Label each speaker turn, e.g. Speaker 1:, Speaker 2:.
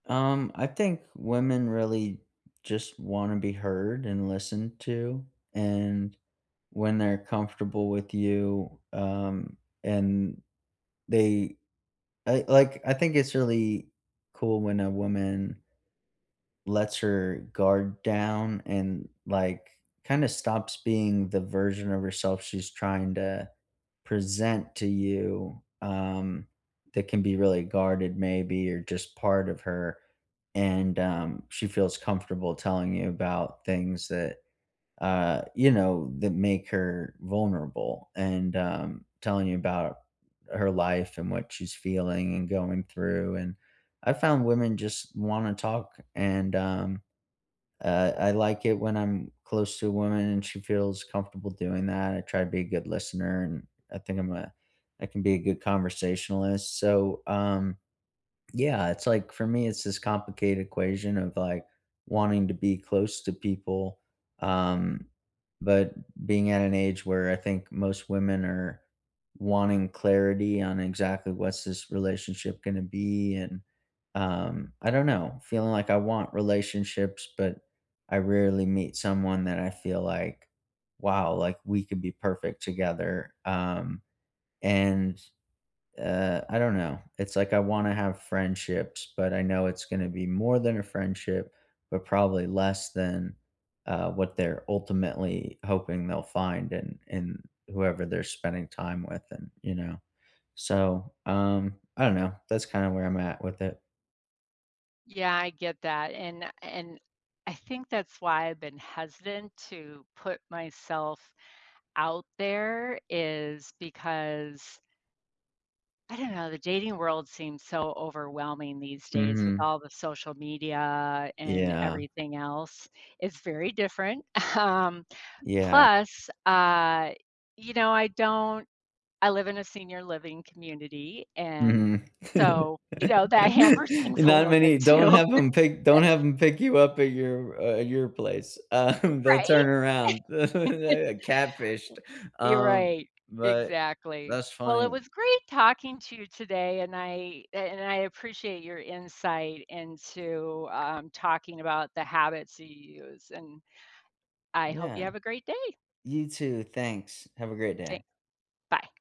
Speaker 1: Um, I think women really just wanna be heard and listened to, and when they're comfortable with you, um, and they I, like I think it's really cool when a woman lets her guard down and, like, kinda stops being the version of herself she's trying to present to you, um, that can be really guarded maybe, or just part of her, and, um, she feels comfortable telling you about things that, uh, you know, that make her vulnerable, and, um, telling you about her life and what she's feeling and going through, and I found women just wanna talk, and, um, uh, I like it when I'm close to a woman and she feels comfortable doing that, I try to be a good listener, and I think I'm a I can be a good conversationalist, so, um Yeah, it's like, for me, it's this complicated equation of, like, wanting to be close to people, um, but being at an age where I think most women are wanting clarity on exactly what's this relationship gonna be, and, um, I don't know, feeling like I want relationships, but I rarely meet someone that I feel like, "Wow," like, "We could be perfect together," um, and, uh I don't know, it's like I wanna have friendships, but I know it's gonna be more than a friendship, but probably less than, uh, what they're ultimately hoping they'll find, and and whoever they're spending time with and, you know? So, um, I don't know, that's kinda where I'm at with it.
Speaker 2: Yeah, I get that, and a and I think that's why I've been hesitant to put myself out there is because I don't know, the dating world seems so overwhelming these days with
Speaker 1: Mhm.
Speaker 2: all the social media and
Speaker 1: Yeah.
Speaker 2: everything else. It's very different, um,
Speaker 1: Yeah.
Speaker 2: plus, uh, you know, I don't I live in a senior living community, and,
Speaker 1: Mhm,
Speaker 2: so, you know, that hampers
Speaker 1: and
Speaker 2: things a
Speaker 1: not
Speaker 2: little bit
Speaker 1: many Don't
Speaker 2: too.
Speaker 1: have 'em pick Don't have 'em pick you up at your, uh at your place,
Speaker 2: Uh,
Speaker 1: um, they'll
Speaker 2: right?
Speaker 1: turn around. Yeah, a catfished.
Speaker 2: W You're
Speaker 1: Um,
Speaker 2: right,
Speaker 1: but
Speaker 2: exactly.
Speaker 1: that's
Speaker 2: Well, it
Speaker 1: funny.
Speaker 2: was great talking to you today, and I a and I appreciate your insight into, um, talking about the habits you use, and I hope you
Speaker 1: Yeah.
Speaker 2: have a great day.
Speaker 1: You too, thanks, have a great
Speaker 2: Than
Speaker 1: day.
Speaker 2: bye.